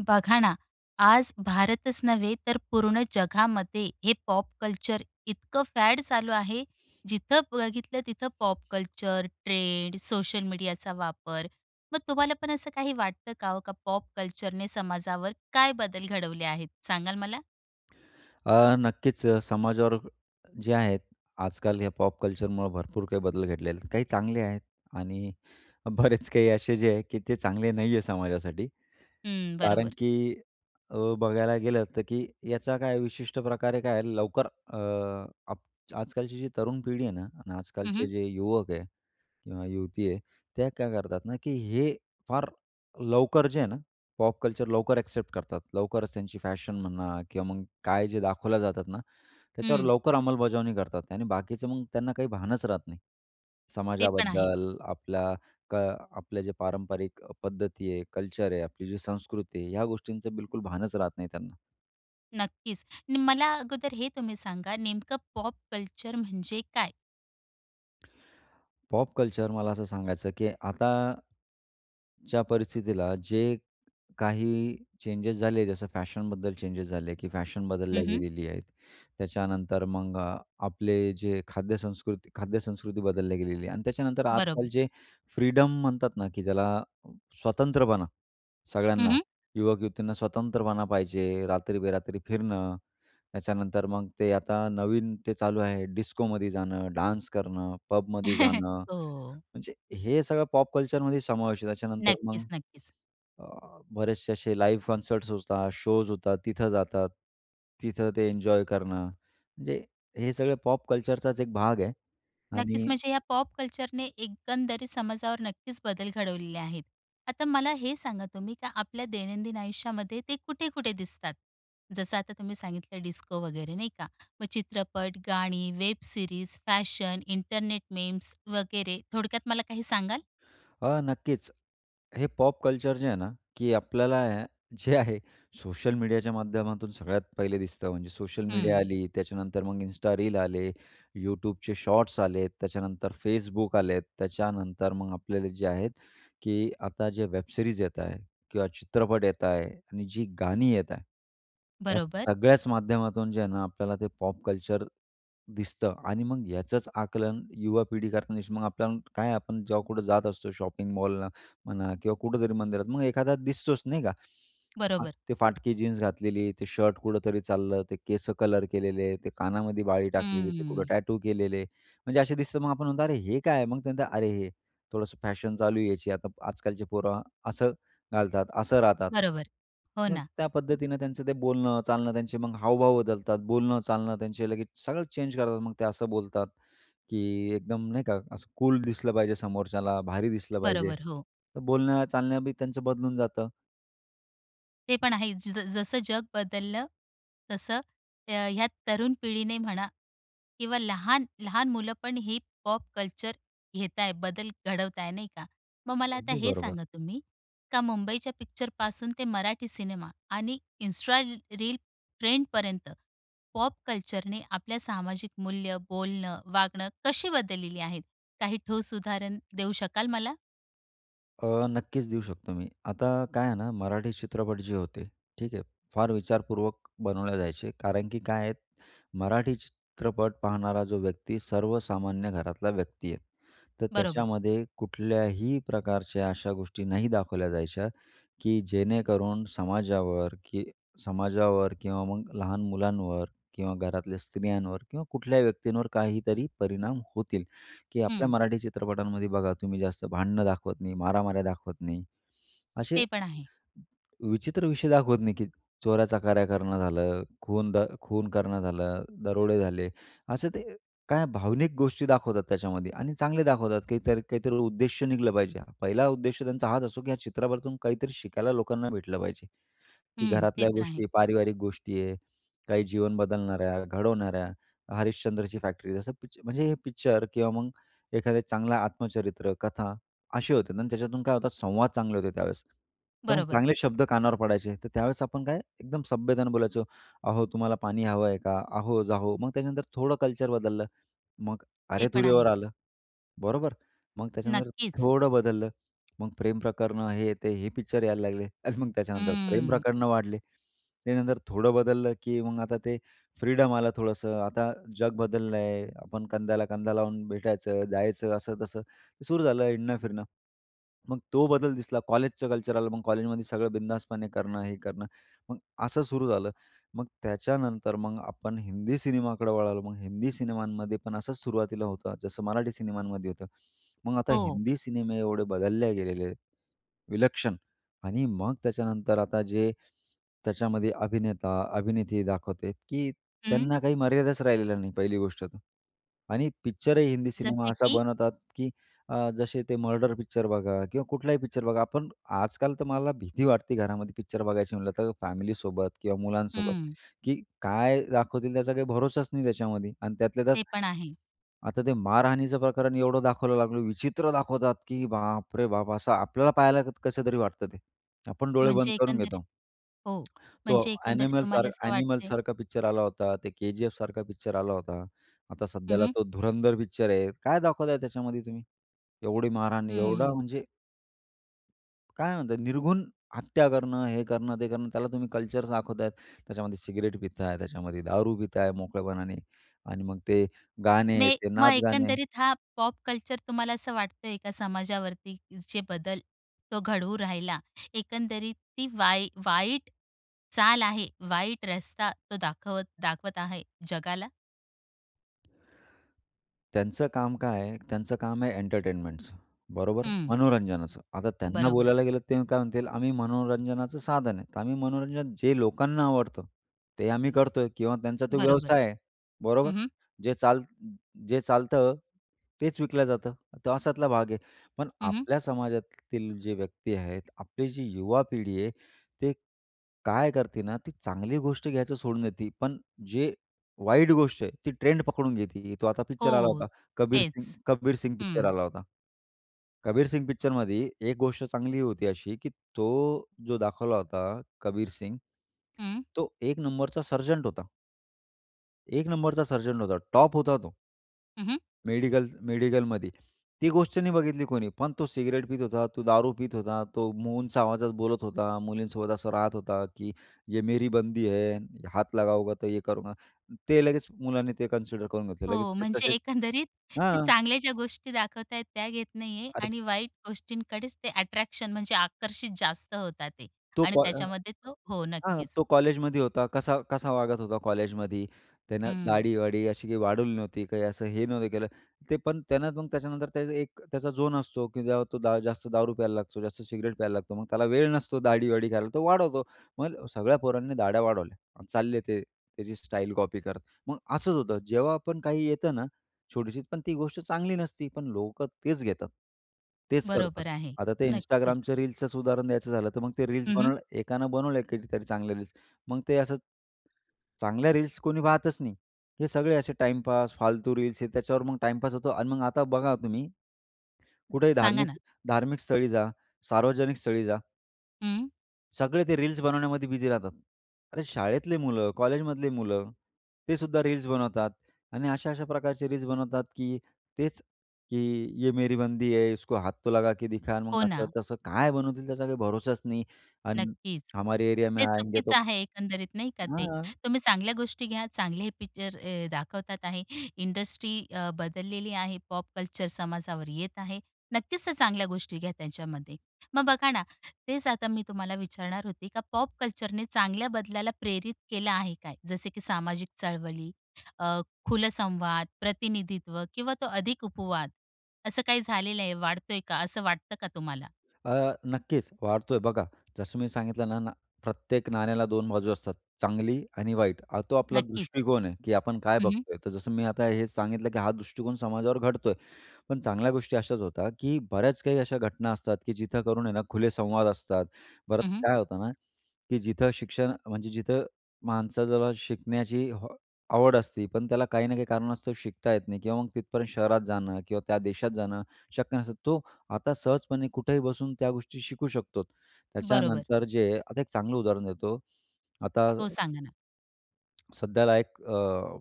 बघा ना, आज भारतच नव्हे तर पूर्ण जगामध्ये हे पॉप कल्चर इतकं फॅड चालू आहे, जिथं बघितलं तिथं पॉप कल्चर, ट्रेंड, सोशल मीडियाचा वापर. मग तुम्हाला पण असं काही वाटतं का ओ, का पॉप कल्चरने समाजावर काय बदल घडवले आहेत, सांगाल मला? अ, नक्कीच. अ, समाजावर जे आहेत आजकाल हे पॉप कल्चरमुळं भरपूर काही बदल घडलेले आहेत. काही चांगले आहेत आणि बरेच काही असे जे आहे, की ते चांगले नाही आहे समाजासाठी. हं. कारण बरोबर. की अ, बघायला गेलं तर, की याचा काय विशिष्ट प्रकारे काय लवकर अ, अप आजकालची जी तरुण पिढी आहे ना आणि हं, आजकालचे हं. जे युवक आहे किंवा युवती आहे, त्या काय करतात ना, की हे फार लवकर जे आहे ना, पॉप कल्चर, लवकर एक्सेप्ट करतात. लवकरच त्यांची फॅशन म्हणा किंवा मग काय जे दाखवल्या जातात ना त्याच्यावर हं. लवकर अंमलबजावणी करतात. आणि बाकीचे मग त्यांना काही भानच राहत नाही. ते पण आहे. समाजाबद्दल, आपल्या क आपले जे पारंपरिक पद्धती आहे, कल्चर आहे, आपली जी संस्कृती आहे, ह्या गोष्टींचं बिलकुल भानच राहत नाही त्यांना. नक्कीच, नी मला अगोदर हे तुम्ही सांगा नेमकं पॉप कल्चर म्हणजे काय? पॉप कल्चर मला असं सांगायचं की आता ज्या परिस्थितीला जे काही चेंजेस झाले. जसं फॅशनबद्दल चेंजेस झाले, की फॅशन बदलल्या हं, हं. गेलेली आहेत. त्याच्यानंतर मग आपले जे खाद्यसंस्कृत खाद्यसंस्कृती बदलली गेलेली आहे आणि त्याच्यानंतर आजकाल बरोबर. जे फ्रीडम म्हणतात ना, की ज्याला स्वतंत्रपणा, हं, सगळ्यांना हं. युवक-युवतींना स्वतंत्रपणा पाहिजे, रात्री-बेरात्री फिरणं, त्याच्यानंतर मग ते आता नवीन, ते चालू आहे डिस्कोमध्ये जाणं, डान्स करणं, पबमध्ये जाणं, हो. म्हणजे हे सगळं पॉप कल्चर मध्ये समावेश आहे. त्याच्यानंतर मग, नक्कीच, नक्कीच. बरेचसे असे लाइव्ह कंसर्ट्स होतात, शोज होतात तिथं जातात. तिथं ते एन्जॉय करणं. म्हणजे हे सगळं पॉप कल्चरचाच एक भाग आहे. नक्कीच. आणि म्हणजे ह्या पॉप कल्चरने एकंदरी समाजावर नक्कीच बदल घडवलेले आहेत.आता मला हे सांगा तुम्ही का आपल्या दैनंदिन आयुष्यामध्ये ते कुठे-कुठे दिसतात. जसं आता तुम्ही सांगितलं डिस्को वगैरे नाही का, मग चित्रपट, गाणी, web series, fashion, internet memes वगैरे थोडक्यात मला काही सांगाल? अ, नक्कीच हे पॉप कल्चर जे आहे ना, की आपल्याला जे आहे सोशल मीडियाच्या माध्यमातून सगळ्यात पहिले दिसतं. म्हणजे सोशल मीडिया हं. आली, त्याच्यानंतर मग इन्स्टा रील आले, YouTubeचे शॉट्स आलेत, त्याच्यानंतर Facebook आलेत, त्याच्यानंतर मग आपल्याला जे आहेत की आता जे वेबसिरीज येत आहे किंवा चित्रपट येत आहे आणि जी गाणी येत आहे, या बरोबर. सगळ्याच माध्यमातून जे आहे ना, आपल्याला ते पॉप कल्चर दिसतं आणि मग याचंच आकलन युवा पिढी करतेच न मग आपल्याला काय आपण जेव्हा कुठे जात असतो शॉपिंग मॉलला म्हणा किंवा कुठेतरी मंदिरात मग एखादा दिसतोच नाही का? बरोबर. ते फाटकी जीन्स घातलेली, ते शर्ट कुठेतरी चाललं, ते केसं कलर केलेले, ते कानामध्ये बाळी टाकलेली, ते कुठं हम्म. टॅटू केलेले, म्हणजे असे दिसतं. मग आपण म्हणतो, "अरे! हे काय?" मग ते म्हणतात, "अरे, हे थोडंसं फॅशन चालूय याची." आता आजकालचे पोरं असं घालतात, असं राहतात. बरोबर, हो मग ना. त्या पद्धतीनं त्यांचं ते बोलणं, चालणं, त्यांचे मग हावभाव बदलतात, बोलणं, चालणं त्यांचे लगेच सगळं चेंज करतात. मग ते असं बोलतात, की एकदम नाही का असं कूल दिसलं पाहिजे. समोरच्याला भारी दिसलं पाहिजे. बरोबर, हो. तर बोलणं चालणं बी त्यांचं बदलून जातं. ते पण आहे ज जसं जग बदललं. तसं, अ, ह्या तरुण पिढीने म्हणा किंवा लहान, लहान मुलं पण ही पॉप कल्चर घेत आहे, बदल घडवत आहे नाही का? मग मला आता अगदी हे बरोबर. सांगा तुम्ही, का मुंबईच्या पिक्चरपासून ते मराठी सिनेमा आणि इंस्ट्रा रील ट्रेंडपर्यंत पॉप कल्चरने आपल्या सामाजिक मूल्य, बोलणं, वागणं कशी बदललेली आहेत? काही ठोस उदाहरण देऊ शकाल मला? अ, नक्कीच देऊ शकतो मी. आता काय आहे ना, मराठी चित्रपट जे होते ठीक आहे, फार विचारपूर्वक बनवले जायचे. कारण की काय आहे, मराठी चित्रपट पाहणारा जो व्यक्ती सर्वसामान्य घरातला व्यक्ती आहे. तर बरोबर. त्याच्यामध्ये कुठल्याही प्रकारच्या अशा गोष्टी नाही दाखवल्या जायच्या, की जेणेकरून समाजावर की समाजावर किंवा मग लहान मुलांवर किंवा घरातल्या स्त्रियांवर किंवा कुठल्याही व्यक्तींवर काहीतरी परिणाम होतील. की आपल्या हं. मराठी चित्रपटांमध्ये बघा तुम्ही जास्त भांडणं दाखवत नाही, मारामाऱ्या दाखवत नाही. असे, ते पण आहे. विचित्र विषय दाखवत नाही, की चोऱ्या-चकऱ्या करणं झालं, खून द खून करणं झालं, दरोडे झाले, असे ते काय भावनिक गोष्टी दाखवतात त्याच्यामध्ये आणि चांगले दाखवतात काहीतरी, काहीतरी उद्देश्य निघलं पाहिजे. पहिला उद्देश त्यांचा हाच असो, की या चित्रपटातून काहीतरी शिकायला लोकांना भेटलं पाहिजे, की हं. ते घरातल्या पण आहे. गोष्टी, पारिवारिक गोष्टी आहे. काही जीवन बदलणाऱ्या घडवणाऱ्या हरिश्चंद्रची फॅक्ट्री जसं पिक्च म्हणजे हे पिक्चर किंवा मग एखादं चांगलं आत्मचरित्र, कथा अशी होते आणि त्याच्यातून काय होतं संवाद चांगले होते त्यावेळेस. तर मग बरोबर. चांगले शब्द कानावर पडायचे तर त्यावेळेस आपण काय एकदम सभ्यतेने बोलायचो. अहो, तुम्हाला पाणी हवं आहे का? अहो, जाहो. मग त्याच्यानंतर थोडं कल्चर बदललं. मग ते पण अरे-तुरे वर आहे. आलं, बरोबर? मग त्याच्यानंतर नक्कीच. थोडं बदललं, मग प्रेम प्रकरणं हे, ते हे पिक्चर यायला लागले आणि मग त्याच्यानंतर प्रेम हम्म. प्रकरणं वाढले. त्यानंतर थोडं बदललं, की मग आता ते फ्रीडम आलं थोडंसं. आता जग बदललंय आपण कंद्याला-कंदा लावून भेटायचं जायचं असं-तसं सुरू झालं हिंडणं-फिरणं. मग तो बदल दिसला कॉलेजचं कल्चर आलं, मग कॉलेजमध्ये सगळं बिंदासपणे करणं हे करणं मग असं सुरू झालं. मग त्याच्यानंतर मग आपण हिंदी सिनेमाकडं वळालो, मग हिंदी सिनेमांमध्ये पण असंच सुरुवातीला होतं, जसं मराठी सिनेमांमध्ये होतं. मग आता हो. हिंदी सिनेमे एवढे बदलले गेलेले आहेत, विलक्षण आणि मग त्याच्यानंतर आता जे त्याच्यामध्ये अभिनेता-अभिनेत्री दाखवते, की हं. त्यांना काही मर्यादाच राहिलेला नाही पहिली गोष्ट तर. आणि पिक्चरही हिंदी सिनेमा जसे असा की? बनवतात, की अ, जसे ते मर्डर पिक्चर बघा किंवा कुठलाही पिक्चर बघा. आपण आजकाल तर मला भीती वाटते घरामध्ये पिक्चर बघायची म्हटलं तर फॅमिलीसोबत किंवा मुलांसोबत, हं. की काय दाखवतील त्याचा काही भरोसाच नाही त्याच्यामध्ये आणि त्यातल्या त्यात, ते पण आहे. आता ते मारहाणीचं प्रकरण एवढं दाखवलं लागलं विचित्र दाखवतात, की बाप रे बाप! असं आपल्याला पाहायला कसं तरी वाटतं ते. आपण डोळे बंद म्हणजे करून एकंदरीत घेतो. हो, तो म्हणजे एकंदरीत एनिमल सार तुम्हाला असं एनिमल वाटतंय? सारखा पिक्चर आला होता, ते केजीएफ सारखा पिक्चर आला होता, आता हं, सध्याला हं. तो धुरंधर पिक्चर आहे, काय दाखवताय त्याच्यामध्ये तुम्ही, एवढी मारहाण, एवढा हं. म्हणजे काय म्हणतात निर्घुन हत्या करणं, हे करणं ते करणं त्याला तुम्ही कल्चर दाखवतायत. त्याच्यामध्ये सिगरेट पिता आहे, त्याच्यामध्ये दारू पिता आहे मोकळेपणाने आणि मग ते गाणे, मे ते मग नाच गाणे. एकंदरीत, हा, पॉप कल्चर तुम्हाला असं वाटताय का, समाजावरती जे बदल तो घडवू राहिला? एकंदरीत ती वाई वाईट चाल आहे, वाईट रस्ता तो दाखवत दाखवत आहे जगाला? त्यांचं काम काय आहे, त्यांचं काम आहे एंटरटेनमेंटचं, बरोबर हं. मनोरंजनाचं. आता त्यांना बरोबर. बोलायला गेलं, ते काय म्हणतील, “आम्ही मनोरंजनाचं साधन आहे, तर आम्ही मनोरंजन जे लोकांना आवडतं, ते आम्ही करतोय.” किंवा त्यांचा तो बरोबर. व्यवसाय आहे, बरोबर. हं, हं. जे चाल जे चालतं तेच विकलं जातं, तो अशातला भाग आहे. पण हं, हं. आपल्या समाजातील जे व्यक्ती आहेत, आपली जी युवा पिढी आहे, ते काय करते ना, ती चांगली गोष्ट घ्यायचं सोडून देते, पण जे वाईट गोष्ट आहे ती ट्रेंड पकडून घेते ते. तो आता पिक्चर आला हो. होता. कबीर सिंग, तेच. कबीर सिंग पिक्चर हं. आला होता. कबीर सिंग पिक्चरमध्ये एक गोष्ट चांगली होती अशी, की तो जो दाखवला होता कबीर सिंग, हं. तो एक नंबरचा सरजंट होता. एक नंबरचा सर्जन होता, टॉप होता तो हं, हं. मेडिकल मेडिकलमध्ये. ती गोष्ट नाही बघितली कोणी. पण तो सिगरेट पीत होता, तो दारू पीत होता, तो मो उंच आवाजात बोलत होता, मुलींसोबत असं राहत होता, की “ये मेरी बंदी है, हात लगावोगे तो ये करूंगा,” ते लगेच मुलाने ते कन्सिडर करून घेतलं. लगेच हो. ते म्हणजे तसेच एकंदरीत ते हां. चांगल्या ज्या गोष्टी दाखवत आहेत. त्या घेत नाही आहे अरे आणि वाईट गोष्टींकडेच ते अट्रॅक्शन, म्हणजे आकर्षित जास्त होतात ते तो आणि का अ, त्याच्यामध्ये तो हो. हां. नक्कीच. तो कॉलेजमध्ये होता, कसा कसा वागत होता कॉलेजमध्ये. त्यानं हं. दाढीवाडी अशी काही वाढवली नव्हती, काही असं हे नव्हतं केलं. ते पण त्यानं मग त्याच्यानंतर ते एक त्याचा झोन असतो, की तो जास्त दारू प्यायला लागतो, जास्त सिगरेट प्यायला लागतो. मग त्याला वेळ नसतो दाढीवाढी करायला, तो वाढवतो. मग सगळ्या पोरांनी दाढया वाढवल्या चालले, ते त्याची स्टाईल कॉपी करत. मग असंच होतं, जेव्हा आपण काही येतं ना, छोटीशी पण ती गोष्ट चांगली नसती, पण लोकं तेच घेतात. तेच करतात. बरोबर आहे. आता ते नक्कीच. Instagramचं रील्सचच उदाहरण द्यायचं झालं, तर मग ते रील्स हं, हं. बनव एकानं बनवले कधीतरी चांगल्या रील्स, मग ते असं, चांगल्या रील्स कोणी पाहतच नाही. हे सगळे असे टाइमपास, फालतू रील्स, हे त्याच्यावर मग टाईमपास होतो. आणि मग आता बघा तुम्ही. कुठेही सांगा ना. धार्मिक, धार्मिक स्थळी जा, सार्वजनिक स्थळी जा. हं. सगळे ते, रील्स बनवण्यामध्ये बिझी राहतात. अरे, शाळेतले मुलं कॉलेजमधले मुलं, ते सुद्धा रील्स बनवतात आणि अशा-अशा प्रकारचे रील्स बनवतात तेच की, ये मेरी बंदी है, इसको हाथ तो लगा के दिखा हो मग असं ना. तसं काय बनवतील, त्याचा काही भरोसाच नाही अन् नक्कीच, हमारे एरिया में ते आएंगे तो चुकीचं आहे, एकंदरीत नाही का ते. हां. तुम्ही चांगल्या गोष्टी घ्या, चांगले पिक्चर अ, दाखवतात आहे, इंडस्ट्री अ, बदललेली आहे, पॉप कल्चर समाजावर येत आहे. नक्कीच चांगल्या गोष्टी घ्या त्यांच्यामध्ये. मग बघा ना, तेच आता मी तुम्हाला, विचारणार होते का पॉप कल्चरने चांगल्या बदलाला प्रेरित केलं आहे काय? जसे की सामाजिक चळवळी, अ, खुलं संवाद, प्रतिनिधित्व किंवा तो अधिक उपवाद, असं काही झालेलं आहे? वाढतोय का, असं वाटतं का तुम्हाला? अ, नक्कीच वाढतोय बघा. जसं मी सांगितलं ना ना, प्रत्येक नाण्याला 2 बाजू असतात, चांगली आणि वाईट. अ, तो आपला नक्कीच. दृष्टिकोन आहे की आपण काय हं, हं. बघतोय. तर जसं मी, आता हेच सांगितलं की हा दृष्टिकोन समाजावर घडतोय. पण चांगल्या गोष्टी अशाच होता, की बऱ्याच काही अशा घटना असतात, की जिथं करून आहे ना, खुले संवाद असतात. परत हं, हं. काय होतं ना, की जिथं शिक्षण म्हणजे जिथं माणसाला शिकण्याची आवड असते, पण त्याला काही ना काही कारणास्तव शिकता येत नाही किंवा मग, तिथपर्यंत शहरात जाणं किंवा त्या देशात जाणं, शक्य नसतं. तो आता सहजपणे कुठेही बसून त्या गोष्टी शिकू शकतो. बरोबर. त्याच्यानंतर जे आता एक चांगलं उदाहरण देतो. हो, सांगा ना? आता सध्याला एक अ,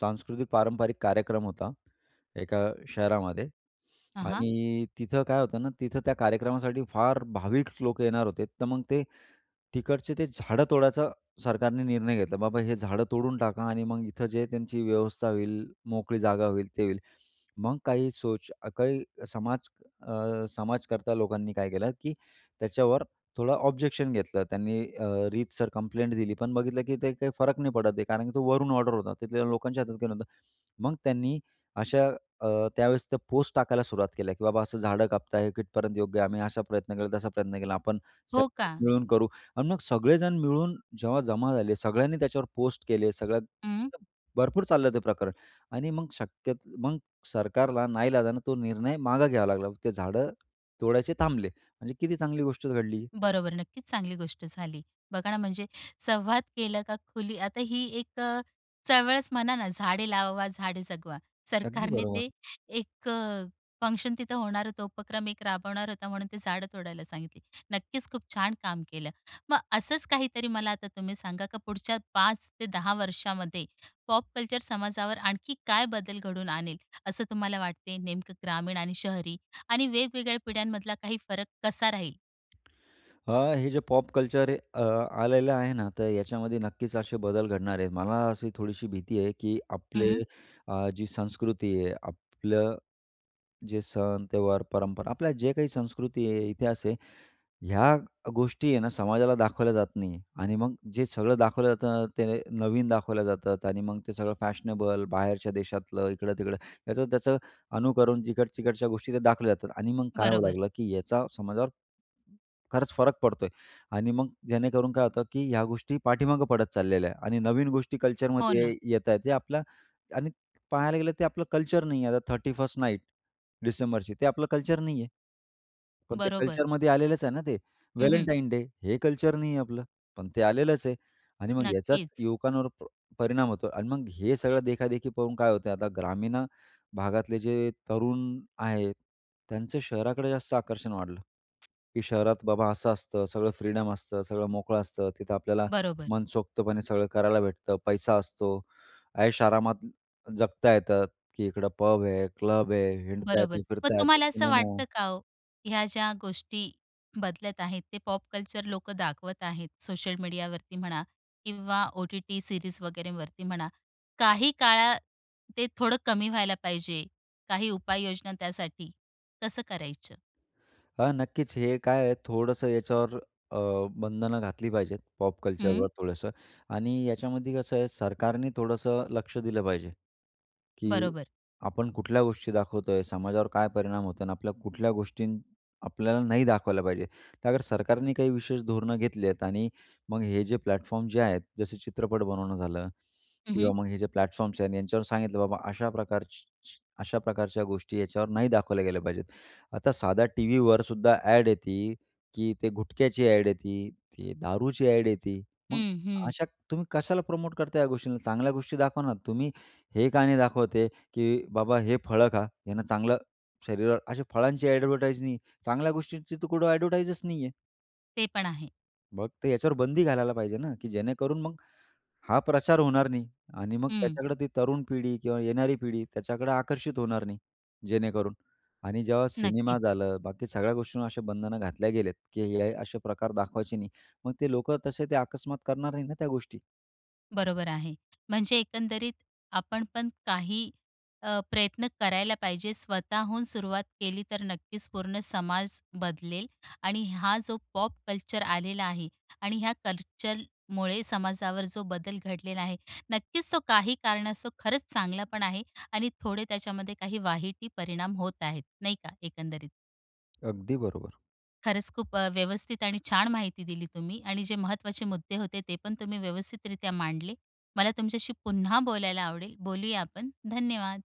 सांस्कृतिक पारंपरिक कार्यक्रम होता, एका शहरामध्ये हं, हं. आणि तिथं काय होतं ना, तिथं त्या कार्यक्रमासाठी फार भाविक लोकं येणार होते, तर मग ते तिकडचे, ते झाडं तोडायचा सरकारने निर्णय घेतला. बाबा, हे झाडं तोडून टाका आणि मग इथं जे आहे, त्यांची व्यवस्था होईल, मोकळी जागा होईल, ते होईल. मग काही सोच, काही समाज अ, समाजकर्ता लोकांनी, काय केलं की त्याच्यावर थोडं ऑब्जेक्शन घेतलं. त्यांनी अ, रीतसर कंप्लेंट दिली पण बघितलं की ते काही फरक नाही पडत आहे कारण की तो वरून ऑर्डर होता, तिथल्या लोकांच्या हातात काही नव्हतं. मग त्यांनी, अशा त्यावेळेस, त्या पोस्ट टाकायला सुरुवात केल्या की बाबा असं झाडं कापत आहे, कितपर्यंत योग्य आहे? आम्ही असा प्रयत्न केला, तसा प्रयत्न केला, आपण हो, का? सगळे मिळून करू आणि मग सगळेजण मिळून जेव्हा जमा झाले, सगळ्यांनी त्याच्यावर पोस्ट केले, सगळं हं. भरपूर चाललं ते प्रकरण आणि मग शक्यत मग सरकारला नाईलाजाने तो निर्णय मागं घ्यावा लागला. ते झाडं तोडायचे थांबले. म्हणजे किती चांगली गोष्ट घडली. बरोबर, नक्कीच चांगली गोष्ट झाली. बघा ना, म्हणजे संवाद केला का खुली आता ही एक चळवळच म्हणा ना, झाडे लावा झाडे जगवा. अगदी, सरकारने ते, बरोबर. एक फंक्शन तिथं होणार होतं, उपक्रम एक राबवणार होता, म्हणून ते झाडं तोडायला सांगितली. नक्कीच, खूप छान काम केलं. मग असंच काहीतरी मला आता तुम्ही सांगा, का पुढच्या 5 ते 10 वर्षामध्ये पॉप कल्चर समाजावर आणखी काय बदल घडवून आणेल, असं तुम्हाला वाटते? नेमकं, ग्रामीण आणि शहरी आणि वेगवेगळ्या पिढ्यांमधला काही फरक कसा राहील? हां, हे जे पॉप कल्चर अ, आलेलं आहे ना. तर याच्यामध्ये नक्कीच असे बदल घडणार आहेत. मला अशी थोडीशी भीती आहे की हं, आपले हं. अ, जी संस्कृती आहे, आपलं जे सण, त्योहार, परंपरा, आपल्या जे काही संस्कृती आहे, इतिहास आहे. ह्या गोष्टी आहे ना समाजाला दाखवल्या जात नाही आहे आणि मग जे सगळं दाखवलं जातं ते नवीन दाखवल्या जातात आणि मग ते सगळं फॅशनेबल, बाहेरच्या देशातलं, इकडं-तिकडं. याचं-त्याचं अनुकरण जिकड-चिकडच्या गोष्टी त्या दाखवल्या जातात आणि मग काय होऊ बरोबर. लागलं, की याचा समाजावर खरंच फरक पडतो आहे आणि मग जेणेकरून काय होतं की ह्या गोष्टी पाठीमागं पडत चाललेल्या आहे आणि नवीन गोष्टी हो कल्चरमध्ये ना. येत आहेत. जे आपल्या आणि पाहायला गेलं ते आपलं कल्चर नाही आहे. आता 31st नाईट डिसेंबरची, ते आपलं कल्चर नाही आहे. पण ते बरोबर. कल्चरमध्ये आलेलंच आहे ना ते. हं, हं. व्हॅलेंटाईन डे, हे कल्चर नाहीये आपलं. पण ते आलेलंच आहे आणि मग याचाच नक्कीच. युवकांवर प परिणाम होतो आणि मग हे सगळं देखा-देखी पाहून काय होतंय आता ग्रामीण अ, भागातले जे तरुण आहेत, त्यांचं शहराकडे जास्त आकर्षण वाढलं की शहरात बाबा, असं असतं, सगळं फ्रीडम असतं, सगळं मोकळं असतं. तिथं आपल्याला बरोबर. मनसोक्तपणे सगळं करायला भेटतं, पैसा असतो. ऐशोआरामात जगता येतं की इकडं पब आहे, क्लब आहे, हिंडता येत, बरोबर, मग फिरता येत, तुम्हाला असं सिनेमा वाटतं आहे. का हो, ह्या ज्या गोष्टी बदलत आहेत, ते पॉप कल्चर लोकं दाखवत आहेत. सोशल मीडियावरती म्हणा किंवा ओ-टी-टी सीरीज वगैरेवरती म्हणा, काही काळात ते थोडं कमी व्हायला पाहिजे? काही उपाययोजना त्यासाठी कसं करायचं? हां, नक्कीच. हे काय आहे थोडंसं याच्यावर अ, बंधनं घातली पाहिजेत. पॉप कल्चरवर हं. थोडंसं आणि याच्यामध्ये कसं आहे सरकारने थोडंसं लक्ष दिलं पाहिजे, की बरोबर. आपण कुठल्या गोष्टी दाखवतो आहे? समाजावर काय परिणाम होतं अन् आपल्या कुठल्या गोष्टीं आपल्याला नाही दाखवल्या पाहिजे? तर अगर सरकारने काही विशेष धोरणं घेतले आहेत आणि मग हे जे प्लॅटफॉर्म जे आहेत. जसे चित्रपट बनवणं झालं हं, हं. किंवा मग हे जे प्लॅटफॉर्म्स आहेत, यांच्यावर सांगितलं बाबा, अशा प्रकार अशा प्रकारच्या गोष्टी याच्यावर नाही दाखवल्या गेल्या पाहिजेत. आता साध्या टीव्हीवरसुद्धा ॲड येते की ते गुटख्याची ॲड येते, ती दारूची ॲड येते. मग हं, हं. अशा तुम्ही कशाला प्रमोट करता या गोष्टींना? चांगल्या गोष्टी दाखवा ना. तुम्ही हे का नाही दाखवत आहे, की बाबा हे फळं खा. ह्यांना चांगलं शरीरावर अशा फळांची ॲडव्हरटाईज नाही. चांगल्या गोष्टींची तर कुठं ॲडव्हरटाईजच नाही आहे. ते पण आहे. मग ते याच्यावर बंदी घालायला पाहिजे ना, की जेणेकरून मग हा प्रचार होणार नाही आणि मग हं. त्याच्याकडे ती तरुण पिढी किंवा येणारी पिढी त्याच्याकडे आकर्षित होणार नाही जेणेकरून आणि जेव्हा सिनेमा नक्कीच. झालं, बाकी सगळ्या गोष्टींवर अशा बंधनं घातल्या गेले आहेत, की हे असे प्रकार दाखवायचे नाही. मग ते लोकं तसे ते अकस्मात करणार नाही ना त्या गोष्टी. बरोबर आहे, म्हणजे एकंदरीत आपण पण काही अ, प्रयत्न करायला पाहिजे. स्वतःहून सुरुवात केली तर नक्कीच पूर्ण समाज बदलेल आणि हा जो पॉप कल्चर आलेला आहे आणि ह्या कल्चरमुळे समाजावर जो बदल घडलेला आहे. नक्कीच तो काही कारणास्तव तो खरंच चांगला पण आहे आणि थोडे त्याच्यामध्ये काही वाईट ही परिणाम होत आहेत. नाही का? एकंदरीत. अगदी बरोबर. खरंच खूप अ, व्यवस्थित आणि छान माहिती दिली तुम्ही आणि जे महत्वाचे मुद्दे होते ते पण तुम्ही व्यवस्थितरित्या मांडले. मला तुमच्याशी पुन्हा बोलायला आवडेल. बोलूया आपण, धन्यवाद.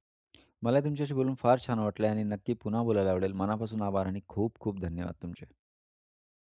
मला तुमच्याशी बोलून फार छान वाटलं आहे आणि नक्की पुन्हा बोलायला आवडेल. मनापासून आभार आणि खूप-खूप धन्यवाद तुमचे.